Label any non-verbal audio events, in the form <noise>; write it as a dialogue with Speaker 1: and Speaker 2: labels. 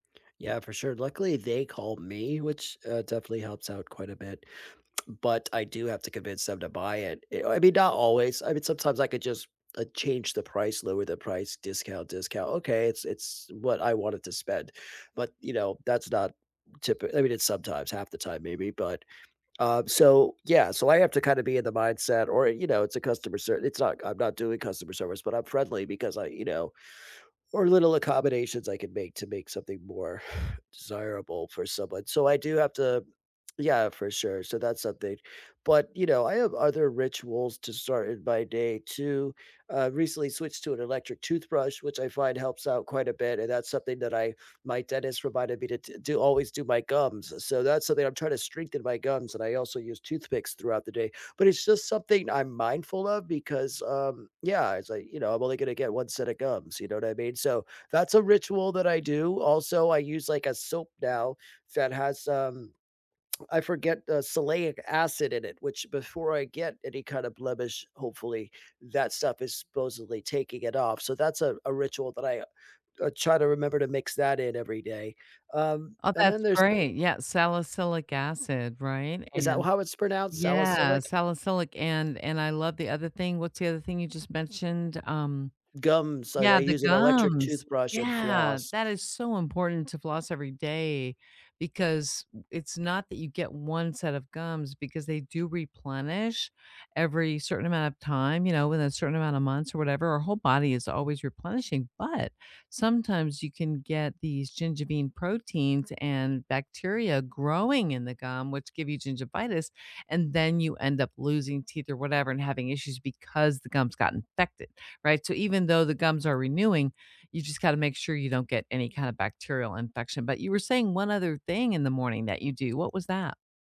Speaker 1: Yeah, for sure. Luckily, they called me, which, uh, definitely helps out quite a bit, but I do have to convince them to buy it i I mean, not always. I mean, sometimes I could just, uh, change the price, lower the price, discount discount. Okay, it's it's what I wanted to spend, but, you know, that's not typi I mean, it's sometimes, half the time maybe, but, um, so, yeah, so I have to kinda be in the mindset or, you know, it's a customer ser it's not c I'm not doing customer service, but I'm friendly because I, you know, or little accommodations I can make to make something more <exhales> desirable for someone, so I do have to yeah, for sure, so that's something but, you know, I have other rituals to start in my day too. I recently switched to an electric toothbrush which I find helps out quite a bit, and that's something that I my dentist reminded me to d do always do my gums, so that's something I'm trying to strengthen my gums and I also use toothpicks throughout the day, but it's, just, something I'm mindful of because, um, yeah, it's like, you know, I'm only gonna get one set of gums, you know what I mean, so, that's a ritual that I do. Also, I use, like, a soap now that has, um, <tsk> I forget, uh, salicylic acid in it, which, before I get any, kind of, blemish, hopefully, that stuff is supposedly taking it off, so that's a a ritual that I I try to remember to mix that in every day. Um,
Speaker 2: Oh,
Speaker 1: and then
Speaker 2: that's
Speaker 1: there's the
Speaker 2: great. Yeah, salicylic acid, right,
Speaker 1: Is that
Speaker 2: and
Speaker 1: how it's pronounced,
Speaker 2: Yeah,
Speaker 1: salicylic?
Speaker 2: salicylic, and and I love the other thing. What's the other thing you just mentioned, um
Speaker 1: Gums, I I
Speaker 2: Yeah, the
Speaker 1: use an electric
Speaker 2: gums.
Speaker 1: toothbrush and
Speaker 2: Yeah,
Speaker 1: floss.
Speaker 2: that is so important to floss every day because it's not that you get 1 set of gums because they do replenish every certain amount of time, you know, within a certain amount of months or whatever. Our whole body is always replenishing, but sometimes you can get these gingivin proteins and bacteria growing in the gum, which give you gingivitis, and then you end up losing teeth or whatever and having issues because the gums got infected, right, so even though the gums are renewing, you just gotta make sure you don't get any kind of bacterial infection, but you were saying 1 other thing in the morning that you do. What was that?